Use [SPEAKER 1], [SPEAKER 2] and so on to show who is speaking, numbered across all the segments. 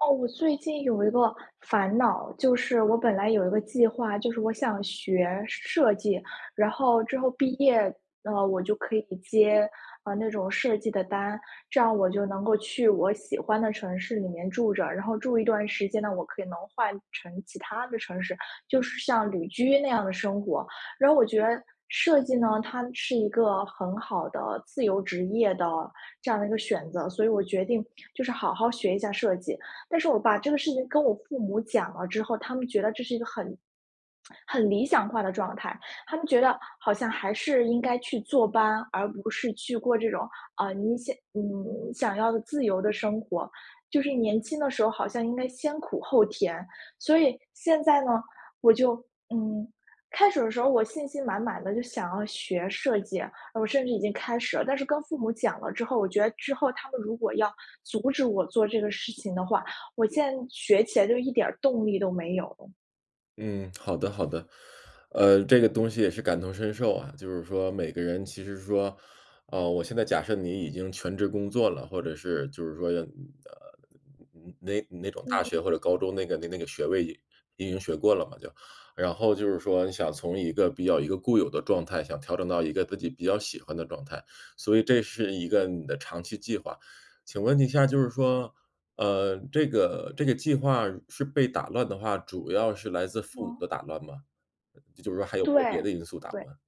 [SPEAKER 1] 哦，我最近有一个烦恼，就是我本来有一个计划，就是我想学设计，然后之后毕业，呃，我就可以接，啊，那种设计的单，这样我就能够去我喜欢的城市里面住着，然后住一段时间呢，我可以能换成其它的城市，就是像旅居那样的生活。然后我觉得设计呢，它是一个很好的自由职业的这样的一个选择，所以我决定，就是好好学一下设计。但是我把这个事情跟我父母讲了之后，他们觉得这是一个很很理想化的状态，他们觉得好像还是应该去坐班，而不是去过这种，啊，你想你想要的自由的生活，就是年轻的时候，好像应该先苦后甜。所以现在呢，我就，嗯，开始的时候，我信心满满地就想要学设计，我甚至已经开始了，但是跟父母讲了之后，我觉得之后他们如果要阻止我做这个事情的话，我现在学起来就一点儿动力都没有。
[SPEAKER 2] 嗯，好的好的。呃，这个东西也是感同身受啊，就是说每个人其实是说呃，我现在假设你已经全职工作了，或者是就是说，呃，哪哪种大
[SPEAKER 1] 嗯。
[SPEAKER 2] 学或者高中，那个那个学位，你已经学过了嘛，对吧。然后就是说，你想从一个比较一个固有的状态，想调整到一个自己比较喜欢的状态，所以这是一个你的长期计划。请问一下就是说，呃，这个这个计划是被打乱的话，主要是来自父母
[SPEAKER 1] 哦。
[SPEAKER 2] 的打乱吗？呃，就是说还有没有
[SPEAKER 1] 对，
[SPEAKER 2] 别的因素打
[SPEAKER 1] 对。
[SPEAKER 2] 乱。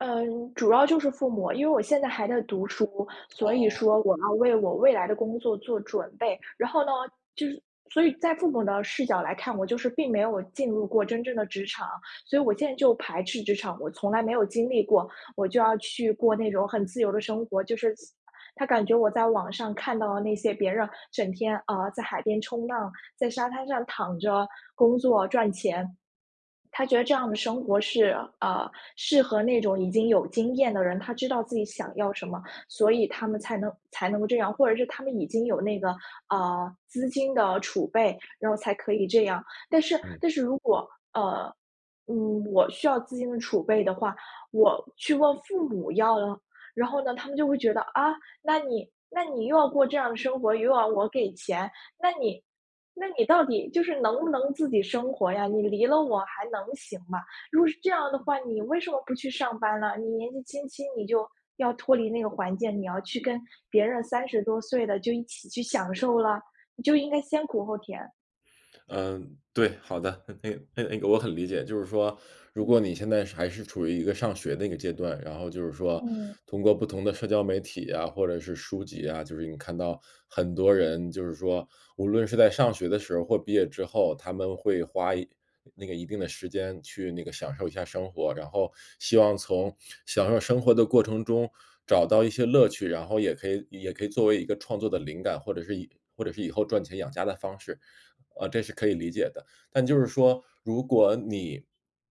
[SPEAKER 1] 嗯，主要就是父母，因为我现在还在读书，所以
[SPEAKER 2] 哦。
[SPEAKER 1] 说我要为我未来的工作做准备。然后呢，就是所以在父母的视角来看，我就是并没有进入过真正的职场，所以我现在就排斥职场，我从来没有经历过，我就要去过那种很自由的生活，就是他感觉我在网上看到那些别人，整天，啊，在海边冲浪，在沙滩上躺着工作赚钱。他觉得这样的生活是，呃，适合那种已经有经验的人，他知道自己想要什么，所以他们才能才能够这样。或者是他们已经有那个，呃，资金的储备，然后才可以这样。但是
[SPEAKER 2] 嗯。
[SPEAKER 1] 但是如果，呃，嗯，我需要资金的储备的话，我去问父母要了，然后呢，他们就会觉得：“啊，那你那你又要过这样的生活，又要我给钱，那你那你到底就是能不能自己生活呀？你离了我还能行吗？如果是这样的话，你为什么不去上班呢？你年纪轻轻，你就，要脱离那个环境，你要去跟别人30多岁的就一起去享受了？你就应该先苦后甜。”
[SPEAKER 2] 嗯，对，好的，那那那个我很理解。就是说，如果
[SPEAKER 1] 嗯。
[SPEAKER 2] 你现在是还是处于一个上学那个阶段，然后就是说，
[SPEAKER 1] 嗯。
[SPEAKER 2] 通过不同的社交媒体啊，或者是书籍呀、就是你看到，很多人就是说，无论是在上学的时候或毕业之后，他们会花一那个一定的时间去那个享受一下生活，然后，希望从，享受生活的过程中找到一些乐趣，然后也可以也可以作为一个创作的灵感，或者是以或者是以后赚钱养家的方式，呃，这是可以理解的。但就是说，如果你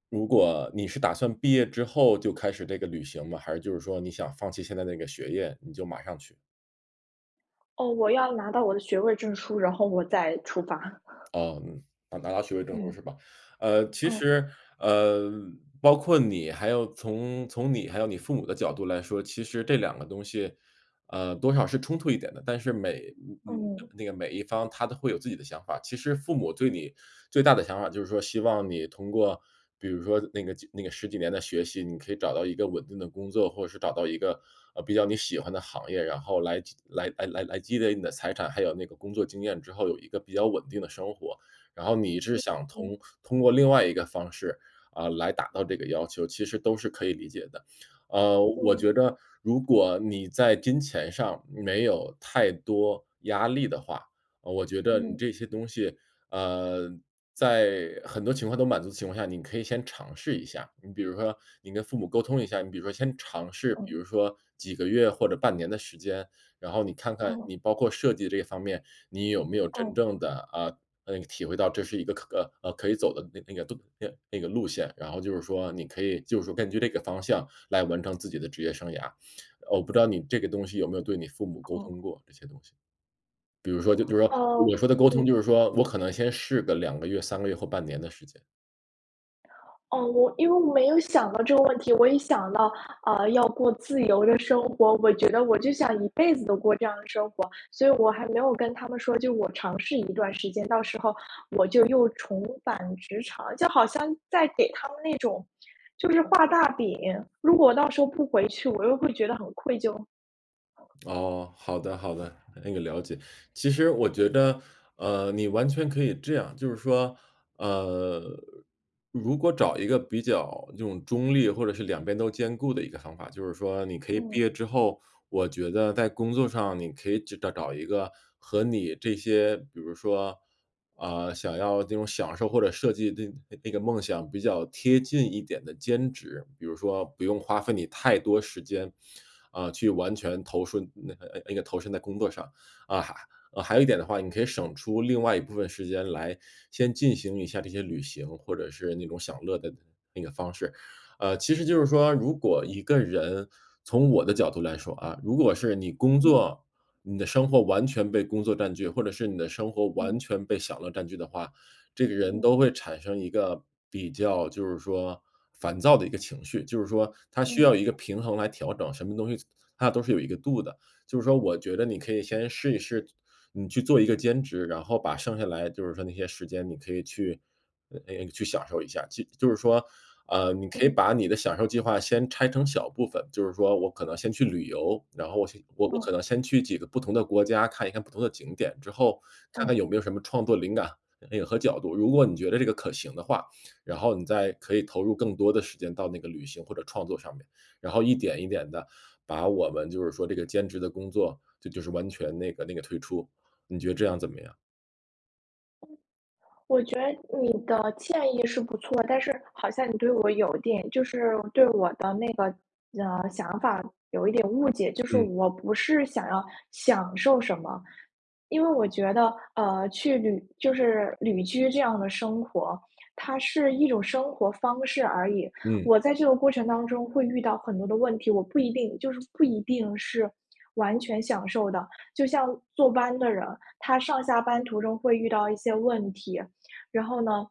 [SPEAKER 2] 如果你是打算毕业之后就开始这个旅行吗？还是就是说你想放弃现在那个学业，你就马上去？
[SPEAKER 1] 哦，我要拿到我的学位证书，然后我再出发。
[SPEAKER 2] 哦，嗯，拿拿到学位证书
[SPEAKER 1] 嗯。
[SPEAKER 2] 是吧？呃，其
[SPEAKER 1] 哦。
[SPEAKER 2] 实，呃，包括你还有从从你，还有你父母的角度来说，其实这两个东西，呃，多少是冲突一点的，但是，每呃呃，
[SPEAKER 1] 嗯。
[SPEAKER 2] 那个每一方他都会有自己的想法。其实父母对你，最大的想法就是说希望你通过，比如说那个几那个10几年的学习，你可以找到一个稳定的工作，或者是找到一个，呃，比较你喜欢的行业，然后来积来来来来积累你的财产，还有那个工作经验之后，有一个比较稳定的生活。然后你是
[SPEAKER 1] 嗯
[SPEAKER 2] 想
[SPEAKER 1] 嗯。
[SPEAKER 2] 通通过另外一个方式，呃，来达到这个要求，其实都是可以理解的。呃，我
[SPEAKER 1] 嗯。
[SPEAKER 2] 觉着，如果你在金钱上，没有太多压力的话，呃，我觉着你
[SPEAKER 1] 嗯。
[SPEAKER 2] 这些东西，呃，在，很多情况都满足的情况下，你可以先尝试一下。你比如说，你跟父母沟通一下，你比如说先尝试，比
[SPEAKER 1] 嗯。
[SPEAKER 2] 如说，几个月或者半年的时间，然后你看看，
[SPEAKER 1] 哦。
[SPEAKER 2] 你包括设计这方面，你有没有真
[SPEAKER 1] 哦。
[SPEAKER 2] 正地，啊，那个体会到这是一个可可嗯，可以走的那那个路那个路线，然后就是说你可以就是说根据这个方向，来完成自己的职业生涯。呃，我不知道你这个东西有没有对你父母沟
[SPEAKER 1] 哦。
[SPEAKER 2] 通过，这些东西？比如说就就是说
[SPEAKER 1] 哦，
[SPEAKER 2] 我说的沟通，
[SPEAKER 1] 嗯。
[SPEAKER 2] 就是说我可能先试个2个月、3个月或半年的时间。
[SPEAKER 1] 哦，我因为我没有想到这个问题，我一想到，呃，要过自由的生活，我觉得我就想一辈子都过这样的生活，所以我还没有跟他们说，就我尝试一段时间，到时候我就又重返职场，就好像在给他们那种就是画大饼。如果到时候不回去，我又会觉得很愧疚。
[SPEAKER 2] 哦，好的好的。那个了解。其实我
[SPEAKER 1] 嗯。
[SPEAKER 2] 觉得，呃，你完全可以这样，就是说，呃，如果找一个比较，这种中立或者是两边都兼顾的一个方法，就是说，你可以毕业
[SPEAKER 1] 嗯。
[SPEAKER 2] 之后，我觉得在工作上你可以找找一个，和你这些，比如说，呃，想要这种享受或者设计那那个梦想比较贴近一点的兼职。比如说，不用花费你太多时间，呃，去完全投身那呃呃那个投身在工作上。啊，还还有一点的话，你可以省出另外一部分时间来，先进行一下这些旅行，或者是那种享乐的那个方式。呃，其实就是说，如果一个人，从我的角度来说啊，如果是你工
[SPEAKER 1] 嗯。
[SPEAKER 2] 作你的生活完全被工作占据，或者是你的生活完
[SPEAKER 1] 嗯。
[SPEAKER 2] 全被享乐占据的话，这个人
[SPEAKER 1] 嗯。
[SPEAKER 2] 都会产生一个，比较，就是说，烦躁的一个情绪，就是说，它需
[SPEAKER 1] 嗯。
[SPEAKER 2] 要一个平衡来调整。什么东西，它都是有一个度的。就是说，我觉得你可以先试一试，你去做一个兼职，然后把剩下来就是说那些时间你可以去呃，那那个去享受一下。就就是说，呃，你可以
[SPEAKER 1] 嗯。
[SPEAKER 2] 把你的享受计划先拆成小部分。就是说我可能先去旅游，然后，我先我我可
[SPEAKER 1] 哦。
[SPEAKER 2] 能先去几个不同的国家，看一看不同的景点之后，看
[SPEAKER 1] 哦。
[SPEAKER 2] 看有没有什么创作灵感，那个，和角度。如果你觉得这个可行的话，然后你再可以投入更多的时间到那个旅行或者创作上面，然后一点一点地把我们，就是说，这个兼职的工作，就就是完全那个那个退出。你觉得这样怎么样？
[SPEAKER 1] 我觉得你的建议是不错，但是好像你对我有一点就是对我的那个呃，想法有一点误解。就是，
[SPEAKER 2] 嗯。
[SPEAKER 1] 我不是想要享受什么。因为我觉得，呃，去旅就是旅居这样的生活，它是一种生活方式而已。
[SPEAKER 2] 嗯。
[SPEAKER 1] 我在这个过程当中会遇到很多的问题，我不一定就是不一定是完全享受的。就像坐班的人，他上下班途中会遇到一些问题，然后呢？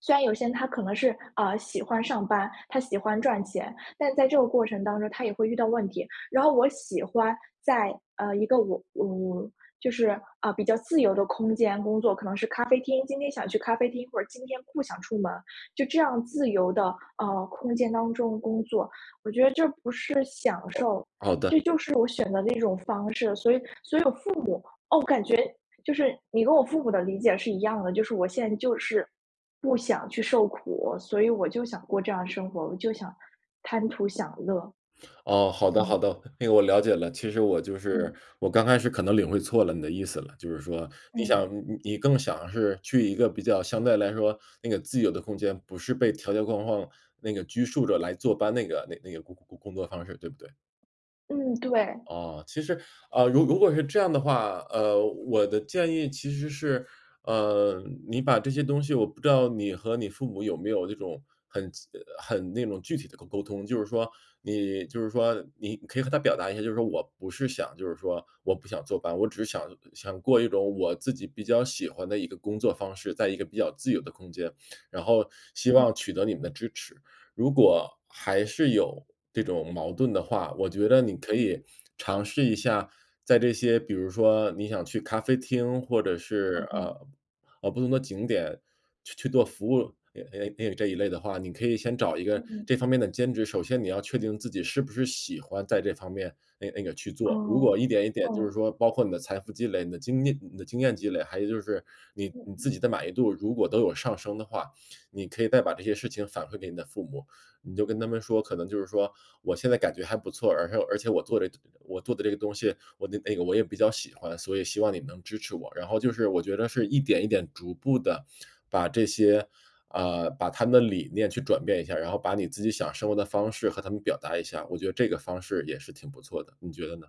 [SPEAKER 1] 虽然有些人他可能是呃，喜欢上班，他喜欢赚钱，但在这个过程当中，他也会遇到问题。然后我喜欢在，呃，一个我我就是，呃，比较自由的空间工作，可能是咖啡厅。今天想去咖啡厅，或者今天不想出门，就这样自由地呃，空间当中工作。我觉得这不是享
[SPEAKER 2] 哦，
[SPEAKER 1] 受，
[SPEAKER 2] 好的。
[SPEAKER 1] 这就是我选择的一种方式，所以所以我父母哦，感觉就是，你跟我父母的理解是一样的，就是我现在就是“不想去受苦，所以我就想过这样的生活，我就想贪图享乐“。
[SPEAKER 2] 哦，好的
[SPEAKER 1] 嗯。
[SPEAKER 2] 好的。那个我了解了，其实我就是
[SPEAKER 1] 嗯。
[SPEAKER 2] 我刚开始可能领会错了，你的意思了，就是说，你
[SPEAKER 1] 嗯。
[SPEAKER 2] 想呃呃，你更想是去一个比较相对来说那个自由的空间，不是被条条框框那个拘束着来坐班，那个那个工工工工作方式，对不对？
[SPEAKER 1] 嗯，对。
[SPEAKER 2] 哦，其实，呃，如如果是这样的话，呃，我的建议其实是，呃，你把这些东西我不知道你和你父母有没有那种很仔呃呃，很那种具体的沟沟通，就是说你就是说你可以和他表达一下，就是说我不是想就是说我不想坐班，我只是想，呃，想过一种我自己比较喜欢的一个工作方式，在一个比较自由的空间，然后希望
[SPEAKER 1] 嗯。
[SPEAKER 2] 取得你们的支持。如果还是有这种矛盾的话，我觉得你可
[SPEAKER 1] 嗯。
[SPEAKER 2] 以尝试一下，在这些，比如说你想去咖啡厅或者
[SPEAKER 1] 嗯
[SPEAKER 2] 是，
[SPEAKER 1] 嗯。
[SPEAKER 2] 呃呃，不同的景点去去做服务业业业这一类的话，你可以先找一
[SPEAKER 1] 嗯
[SPEAKER 2] 个
[SPEAKER 1] 嗯。
[SPEAKER 2] 这方面的兼职。首先你要确定自己是不是喜欢在这方面，那那个去做，如果
[SPEAKER 1] 嗯，
[SPEAKER 2] 一点一点就是
[SPEAKER 1] 嗯。
[SPEAKER 2] 说包括你的财富积累，你的经念你的经验积累，还有就是你
[SPEAKER 1] 嗯
[SPEAKER 2] 你自
[SPEAKER 1] 嗯。
[SPEAKER 2] 己的满意度如果都有上升的话，你可以再把这些事情反馈给你的父母，你就跟他们说：“可能就是说我现在感觉还不错，而且而且我做这做我做的这个东西，我的那个我也比较喜欢，所以希望你们能支持我。”然后就是我觉着是一点一点逐步地把这些，呃，把他们的理念去转变一下儿，然后把你自己想生活的方式和他们表达一下，我觉着这个方式也是挺不错的，你觉得呢？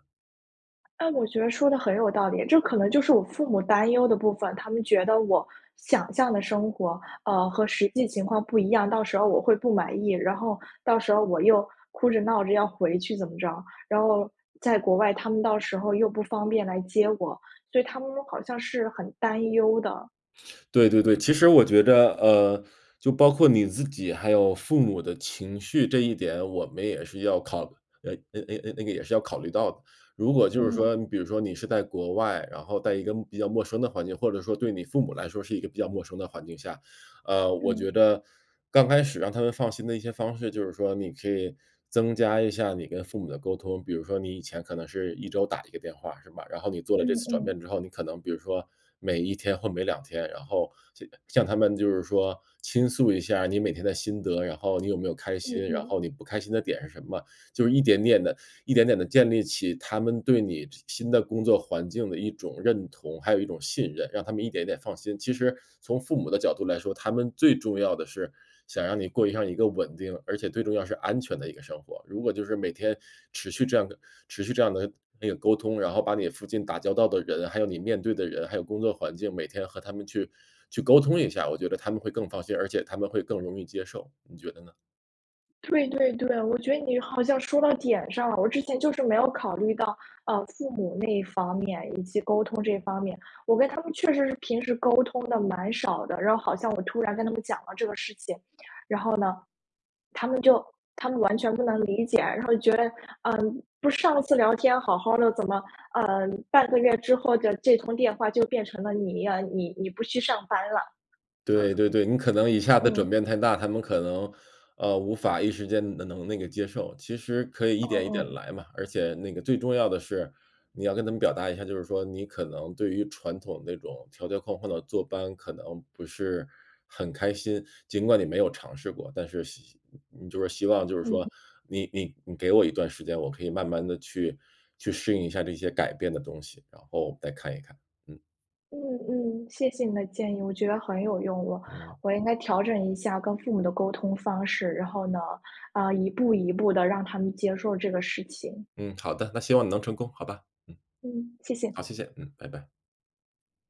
[SPEAKER 1] 呃，我觉着说得很有道理，这可能就是我父母担忧的部分，他们觉得我想象的生活，呃，和实际情况不一样，到时候我会不满意，然后到时候我又哭着闹着要回去怎么着，然后在国外他们到时候又不方便来接我，所以他们好像是很担忧的。
[SPEAKER 2] 对对对，其实我觉着，呃，就包括你自己还有父母的情绪，这一点我们也是要考呃，那那那个也是要考虑到的。如果就是
[SPEAKER 1] 嗯。
[SPEAKER 2] 说比如说你是在国外，然后在一个，嗯，比较陌生的环境，或者说对你父母来说是一个比较陌生的环境下，呃，我
[SPEAKER 1] 嗯。
[SPEAKER 2] 觉得，刚开始让他们放心的一些方式，就是说你可以增加一下你跟父母的沟通。比如说你以前可能是1周打一个电话，是吧？然后你做了这
[SPEAKER 1] 嗯
[SPEAKER 2] 次转
[SPEAKER 1] 嗯。
[SPEAKER 2] 变之后，你可能比如说每1天或每2天，然后向呃，向他们就是说倾诉一下儿你每天的心得，然后你有没有开
[SPEAKER 1] 嗯
[SPEAKER 2] 心，然
[SPEAKER 1] 嗯。
[SPEAKER 2] 后你不开心的点是什么，就是一点点地一点点地建立起，他们对你这新的工作环境的一种认同，还有一种信任，让他们一点一点放心。其实从父母的角度来说，他们最重要的是想让你过上一个稳定，而且最重要是安全的一个生活。如果就是每天持续这样的持续这样的那个沟通，然后把你附近打交道的人，还有你面对的人，还有工作环境，每天和他们去去沟通一下，我觉着他们会更放心，而且他们会更容易接受。你觉得呢？
[SPEAKER 1] 对对对，我觉得你好像说到点上了，我之前就是没有考虑到，呃，父母那方面以及沟通这方面，我跟他们确实是平时沟通得蛮少的，然后好像我突然跟他们讲了这个事情，然后呢，他们就他们完全不能理解，然后就觉得，嗯，不是上次聊天好好的，怎么，呃，半个月之后的这通电话就变成了你呀，你你不去上班了。
[SPEAKER 2] 对对对，你可能一下子
[SPEAKER 1] 嗯。
[SPEAKER 2] 转变太大，他们可能，呃，无法一时间能能那个接受，其实可以一
[SPEAKER 1] 嗯
[SPEAKER 2] 点一点
[SPEAKER 1] 嗯。
[SPEAKER 2] 来嘛，而且那个最重要的是，你要跟他们表达一下，就是说你可能对于传统那种条条框框的坐班，可能不是很开心，尽管你没有尝试过，但是希你就是希望就是
[SPEAKER 1] 嗯。
[SPEAKER 2] 说你你你给我一段时间，我可以慢慢地去去适应一下这些改变的东西，然后再看一看，嗯。
[SPEAKER 1] 嗯嗯，谢谢你的建议，我觉得很有用，我
[SPEAKER 2] 嗯。
[SPEAKER 1] 我应该调整一下跟父母的沟通方式，然后呢，啊，一步一步地让他们接受这个事情。
[SPEAKER 2] 嗯，好的，那希望你能成功，好吧，嗯。
[SPEAKER 1] 嗯，谢谢。
[SPEAKER 2] 好，谢谢，嗯，拜拜。